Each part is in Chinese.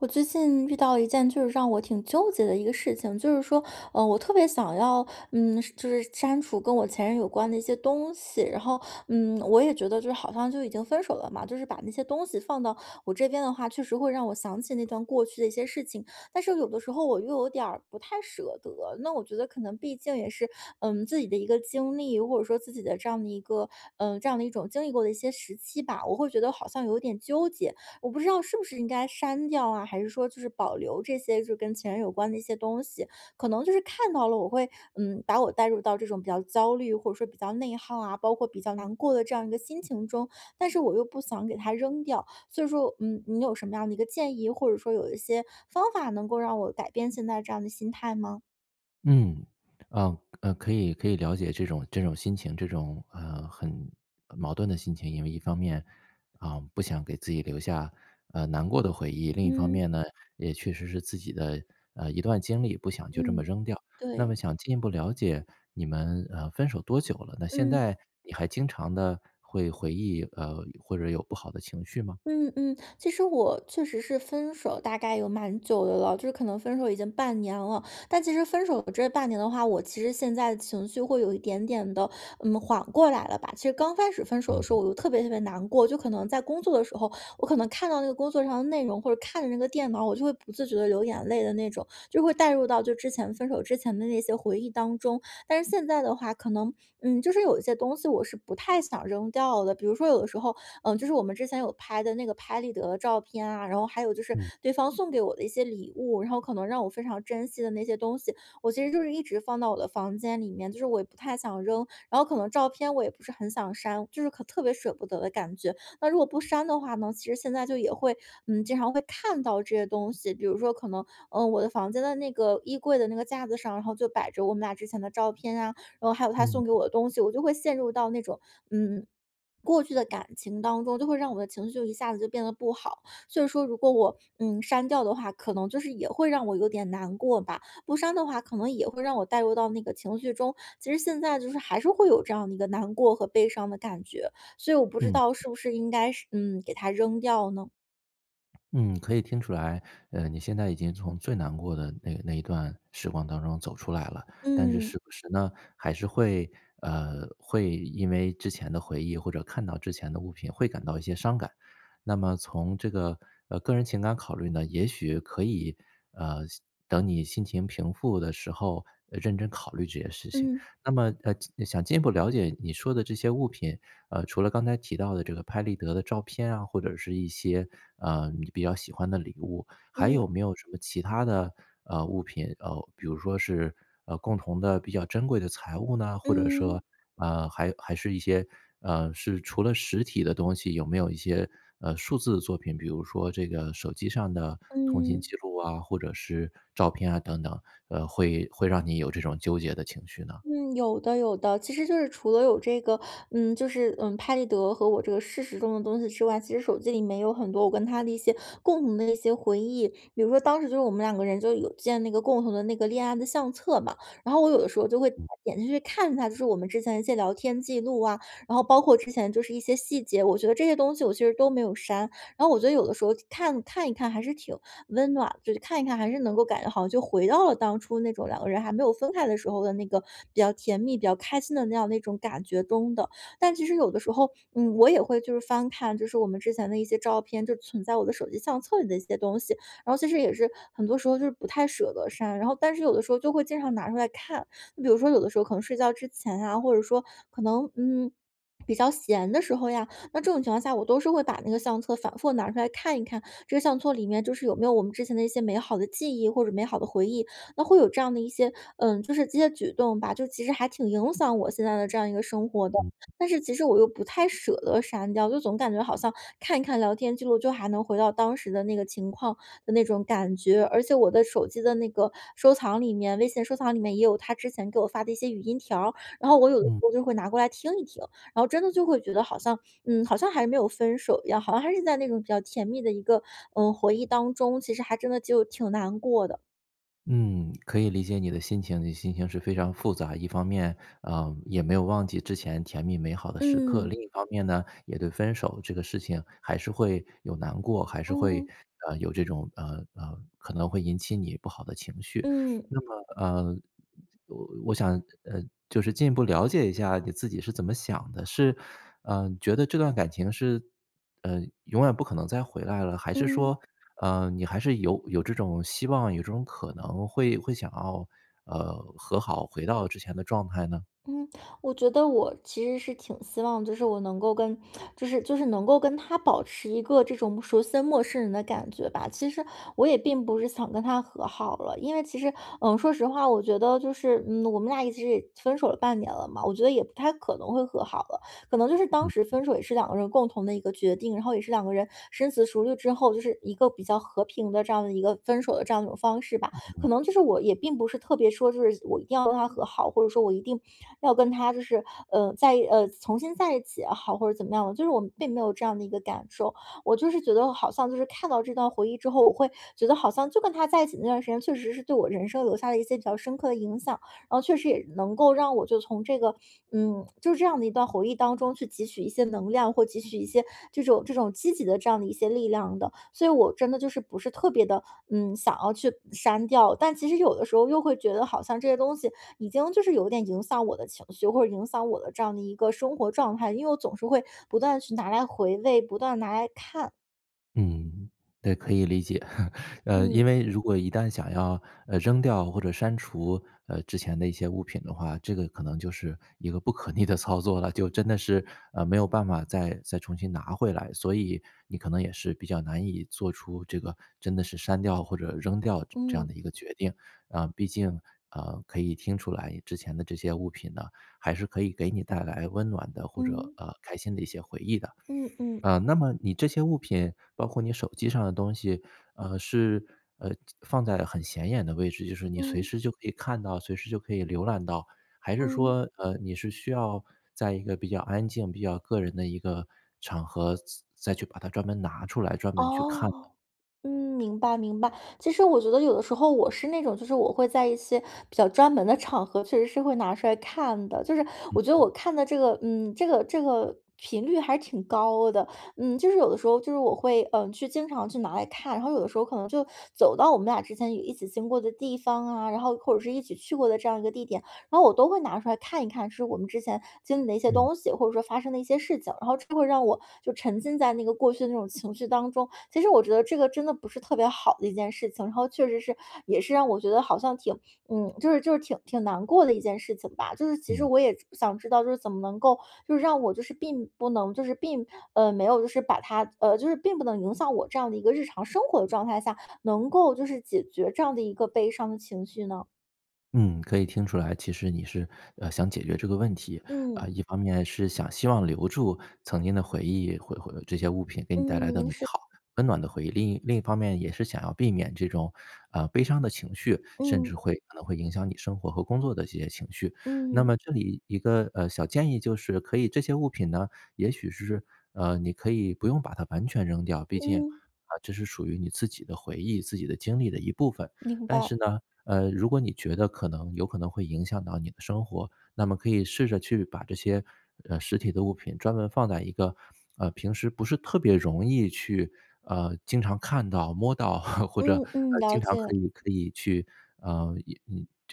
我最近遇到一件就是让我挺纠结的一个事情，就是说，呃，我特别想要，嗯，是就是删除跟我前任有关的一些东西。然后，嗯，我也觉得就好像就已经分手了嘛，就是把那些东西放到我这边的话，确实会让我想起那段过去的一些事情。但是有的时候我又有点儿不太舍得，那我觉得可能毕竟也是，嗯，自己的一个经历，或者说自己的这样的一个，呃，这样的一种经历过的一些时期吧。我会觉得好像有点纠结，我不知道是不是应该删掉啊，还是说就是保留这些就是跟前任有关的一些东西。可能就是看到了我会，嗯，把我带入到这种比较焦虑，或者说比较内耗啊，包括比较难过的这样一个心情中，但是我又不想给它扔掉。所以说，嗯，你有什么样的一个建议，或者是说有一些方法能够让我改变现在这样的心态吗？嗯，呃，呃可以可以了解这种这种心情，这种，呃，很呃，矛盾的心情。因为一方面，嗯，不想给自己留下，呃，难过的回忆，另一方嗯。面呢，也确实是自己的，呃，一段经历，不想就这么嗯，扔掉。那么对。想进一步了解你们，呃，分手多久了呢？那现嗯。在你还经常地会回忆，呃，或者有不好的情绪吗？嗯嗯，其实我确实是分手大概有蛮久的了，就是可能分手已经半年了。但其实分手这半年的话，我其实现在情绪会有一点点地，嗯，缓过来了吧。其实刚开始分手的嗯时候嗯。我就特别特别难过，就可能在工作的时候，我可能看到那个工作上的内容，或者看着那个电脑，我就会不自觉地流眼泪的那种，就是会带入到就之前分手之前的那些回忆当中。但是现在的话，可能，嗯，就是有一些东西我是不太想扔掉的，比如说有的时候，嗯，就是我们之前有拍的那个拍立得照片啊，然后还有就是嗯。对方送给我的一些礼物。然后可能让我非常珍惜的那些东西，我其实就是一直放到我的房间里面，就是我也不太想扔，然后可能照片我也不是很想删，就是可特别舍不得的感觉。那如果不删的话呢，其实现在就也会，嗯，经常会看到这些东西。比如说可能，嗯，我的房间的那个衣柜的那个架子上，然后就摆着我们俩之前的照片啊，然后还有他嗯。送给我的东西，我就会陷入到那种，嗯，过去的感情当中，就会让我的情绪就一下子就变得不好。所以说如果我，嗯，删掉的话，可能就是也会让我有点难过吧，不删的话可能也会让我带入到那个情绪中，其实现在就是还是会有这样的一个难过和悲伤的感觉。所以我不知嗯。道是不是应该是嗯，给它扔掉呢？嗯，可以听出来，呃，你现在已经从最难过的那那一段时光当中走出来了。但是嗯。时不时呢，还是会呃，会因为之前的回忆或者看到之前的物品会感到一些伤感。那么从这个呃，个人情感考虑呢，也许可以呃，心等你心情平复的时候，呃，认真考虑这些事情。嗯。那么，呃，进想进一步了解你说的这些物品，呃，除了刚才提到的这个拍立得的照片啊，或者是一些，呃，你比较喜欢的礼物，还嗯。有没有什么其他的，呃，物品呃，比如说是呃，共同的比较珍贵的财物呢？或者嗯。说，啊，还还是一些，呃是除了实体的东西，有没有一些，呃，数字的作品？比如说这个手机上的通信嗯。记录啊，或者是照片啊等等，呃，会会让你有这种纠结的情绪呢？嗯，有的有的，其实就是除了有这个嗯，就是嗯，拍立得和我这个事实中的东西之外，其实手机里面也有很多我跟他的一些共同的一些回忆。比如说当时就是我们两个人就有建那个共同的那个恋爱的相册嘛，然后我有的时候就会嗯。点进去看一下就是我们之前一些聊天记录啊，然后包括之前就是一些细节，我觉得这些东西我其实都没有删。然后我觉得有的时候看看一看还是挺温暖，就是看一看还是能够感觉好像就回到了当初那种两个人还没有分开的时候的那个比较甜蜜、比较开心的那样那种感觉中的。但其实有的时候，嗯，我也会就是翻看就是我们之前的一些照片，就存在我的手机相册里的一些东西，然后其实也是很多时候就是不太舍得删，然后但是有的时候就会经常拿出来看。比如说有的时候可能睡觉之前呀，或者说可能嗯，比较闲的时候呀，那这种情况下，我都是会把那个相册反复拿出看一看，这个相册里面就是有没有我们之前的一些美好的记忆或者美好的回忆？那会有这样的一些嗯，就是这些举动吧，就其实还挺影响我现在的这样一个生活的，嗯。但是其实我又不太舍得删掉，就总感觉好像看一看聊天记录就还能回到当时的那个情况的那种感觉。而且我的手机的那个收藏里面，微信收藏里面也有他之前给我发的一些语音条儿，然后我有的时嗯。候就会拿过来听一听，然后真的就会觉得好像嗯，好像还没有分手一样，好像还是在那种比较甜蜜的一个，嗯，回忆当中，其实还真的就挺难过的。嗯，可以理解你的心情，你的心情是非常复杂。一方面，嗯，也没有忘记之前甜蜜美好的时刻，另嗯。一方面呢，也对分手这个事情还是会有难过，还是会，嗯。嗯，有这种，嗯，嗯，可能会引起你不好的情绪。嗯。那么，呃，我我想呃，就是进一步了解一下你自己是怎么想的？是，嗯，觉得这段感情是嗯，永远不可能再回来了，还是嗯。说，嗯，你还是有有这种希望，有这种可能会会想要，呃，和好回到之前的状态呢？嗯，我觉得我其实是挺希望，就是我能够跟 就是就是能够跟他保持一个这种属于生陌生人的感觉吧。其实我也并不是想跟他和好了，因为其实，嗯，说实话，我觉得就是，嗯，我们俩一直分手了半年了嘛，我觉得也不太可能会和好了。可能就是当时嗯。分手也是两个人共同的一个决定，然后也是两个人深思熟虑之后，就是一个比较和平的这样的一个分手的这样一种方式吧，嗯可能就嗯。是我也并不是特别说就是我一定要跟他和好，或者说我一定要跟他就是，呃，在，呃，重新在一起也好或者怎么样的，就是我并没有这样的一个感受。我就是觉得好像就是看到这段回忆之后，我会觉得好像就跟他在一起的那段时间确实是对我人生留下了一些比较深刻地影响，然后确实也能够让我就从这个嗯，就这样的一段回忆当中去汲取一些能量，或汲取一些这种这种积极的这样的一些力量的。所以我真的就是不是特别的，嗯，想要去删掉。但其实有的时候又会觉得好像这些东西已经就是有点影响我的情绪，或者影响我的这样的一个生活状态，因为我总是会不断去拿来回味，不断拿来看。嗯，对，可以理解。呃，嗯。因为如果一旦想要，呃，扔掉或者删除，呃，之前的一些物品的话，这个可能就是一个不可逆的操作了，就真的是，呃，没有办法再再重新拿回来，所以你可能也是比较难以做出这个真的是删掉或者扔掉这这样的嗯。一个决定。啊，毕竟，啊，可以听出来之前的这些物品呢，还是可以给你带来温暖的，或者，嗯。呃，开心的一些回忆的。嗯嗯。啊，那么你这些物品，包括你手机上的东西，呃，是，呃放在很显眼的位置，就是你随嗯。时就可以看到，随时就可以浏览到，还是嗯。说，呃，你是需要在一个比较安静比较个人的一个场合，再再去把它专门拿出来，专门去看的？哦，嗯，明白明白。其实我觉得有的时候我是那种，就是我会在一些，比较专门的场合，确实是会拿出来看的，就是嗯-我觉得嗯。我看的这个，嗯，这个这个频率还挺高的。嗯，就是有的时候就是我会，嗯，去经常去拿来看，然后有的时候可能就走到我们俩之前有一起经过的地方啊，然后或者是一起去过的这样一个地点，然后我都会拿出看一看是我们之前经历的一些嗯。东西，或者说，发生的一些事情，然后就会让我就沉浸在那个过去的那种情绪当中。其实我觉得这个真的不是特别好的一件事情，然后确实是也是让我觉得好像挺嗯，就是就是挺挺难过的一件事情吧。就是其实嗯。我也是，想知道，就是怎么能够，就是让我就是并不能就是并呃，没有就是把它，呃，就是并不能影响我这样的一个日常生活的状态下，能够就是解决这样的一个悲伤的情绪呢？嗯，可以听出来，其实你是，呃，想解决这个问题。嗯。啊，一方面是想希望留住曾经的回忆，回回这些物品给你带来的嗯，美是。好、温暖的回忆，另一另一方面也是想要避免这种，呃，悲伤的情绪，甚至嗯。会可能会影响你生活和工作的这些情绪。那嗯。么这里一个，呃，小建议就是可以这些物品呢，也许是，呃，你可以不用把它完全扔掉，毕竟，嗯。啊，这是属于你自己的回忆、自己的经历的一部分。明但白。是呢，呃，如果你觉得可能有可能会影响到你的生活，那么可以试着去把这些，呃，实体的物品专门放在一个，呃，平时不是特别容易去，呃，经常看到、摸到 或者，呃，嗯嗯，了经常可解。以可以去呃，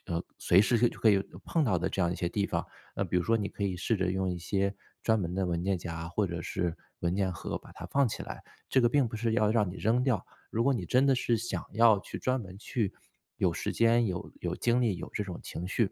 呃，呃，随时就可以碰到的这样一些地方。那比如说你可以试着用一些专门的文件夹或者是文件盒把它放起来，这个并不是要让你扔掉，如果你真的是想要去专门去有时间、有有精力、有这种情绪，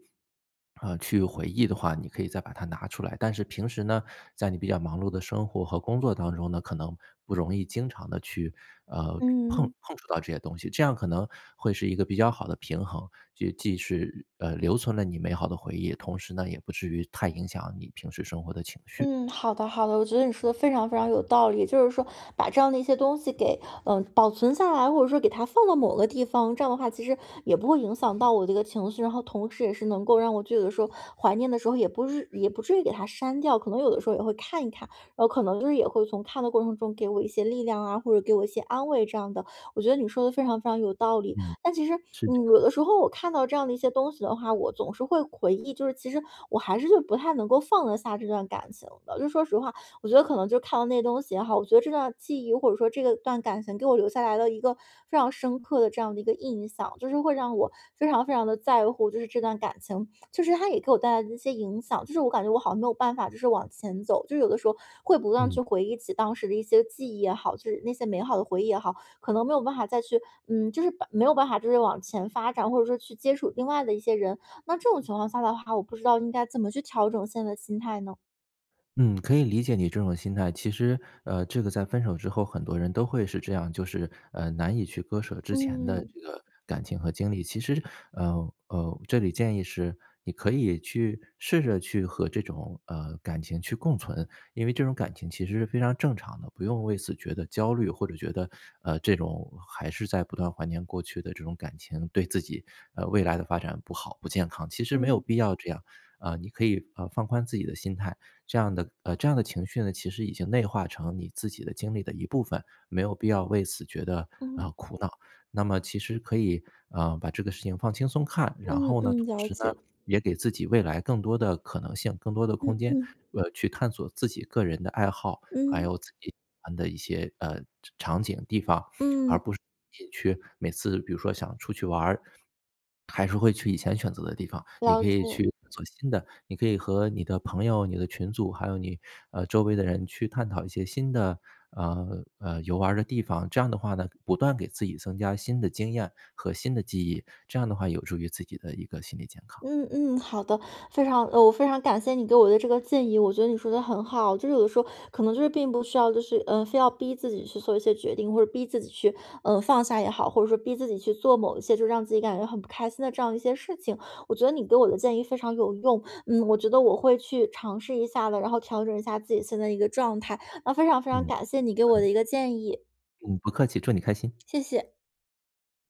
啊，去回忆的话，你可以再把它拿出来。但是平时呢，在你比较忙碌的生活和工作当中呢，可能不容易经常地去，呃，碰嗯。碰触到这些东西，这样可能会是一个比较好的平衡。就既是，呃，留存了你美好的回忆，同时呢，也不至于太影响你平时生活的情绪。嗯，好的好的。我觉得你说得非常非常有道理，就是说把这样的一些东西给，嗯，保存下来，或者说给它放到某个地方，这样的话其实也不会影响到我这个情绪。然后同时也是能够让我就有的时候怀念的时候也不是也不至于给它删掉，可能有的时候也会看一看，哦，可能也会从看的过程中给我一些力量啊，或者给我一些安慰这样的，我觉得你说得非常非常有道理。嗯，但其实，是这嗯，样有的。的时候我看到这样的一些东西的话，我总是会回忆，就是其实我还是不太能够放得下这段感情的。就说实话，我觉得可能就看到那些东西也好，我觉得这段记忆，或者说这段感情给我留下来了一个非常深刻的这样的一个印象，就是会让我非常非常地在乎就是这段感情。就是它也给我带来一些影响，就是我感觉我好像没有办法就是往前走。就是有的时候会不断嗯。去回忆起当时的一些记忆也好，就是那些美好的回忆也好，可能没有办法再去嗯，就是把没有办法就是往前发展，或者说去接触另外的一些人。那这种情况下的话，我不知道应该怎么去调整现在的心态呢？嗯，可以理解你这种心态。其实，呃，这个在分手之后很多人都会是这样，就是，呃，难以去割舍之前的嗯。这个感情和经历。其实，呃，呃，这里建议是你可以去试着去和这种，呃，感情去共存，因为这种感情其实是非常正常的，不用为此觉得焦虑或者觉得，呃，这种还是在不断怀念过去的这种感情，对自己，呃，未来的发展不好、不健康，其实没有嗯。必要这样。啊，你可以，呃，放宽自己的心态，这样的呃，这样的情绪呢，其实已经内化成你自己的经历的一部分，没有必要为此觉得，嗯。呃，苦恼。那么其实可以，啊，把这个事情放轻松看，然嗯后呢，嗯，同了时呢，解。也给自己未来更多的可能性、更多的嗯空间，嗯。呃，去探索自己个人的爱好，还嗯。有自己喜欢的一些，呃场场景地方，而嗯。不是自己去每次比如说想出去玩儿，还是会去以前选择的地方，你了可以解。去做新的。你可以和你的朋友、你的群组，还有你，呃，周围的人去探讨一些新的，呃，呃，游玩儿的地方，这样的话呢，不断给自己增加新的经验和新的记忆，这样的话有助于自己的一个心理健康。嗯嗯，好的。非常我非常感谢你给我的这个建议，我觉得你说得很好。就是有的时候可能就是并不需要就是呃，非要逼自己去做一些决定，或者逼自己去，呃，放下也好，或者说逼自己去做某些就让自己感觉很不开心的这样一些事情。我觉得你给我的建议非常有用，嗯，我觉得我会去尝试一下的，然后调整一下自己现在一个状态，那非常非常嗯，感谢你给我嗯。的一个建议。嗯，不客气，祝你开心。谢谢。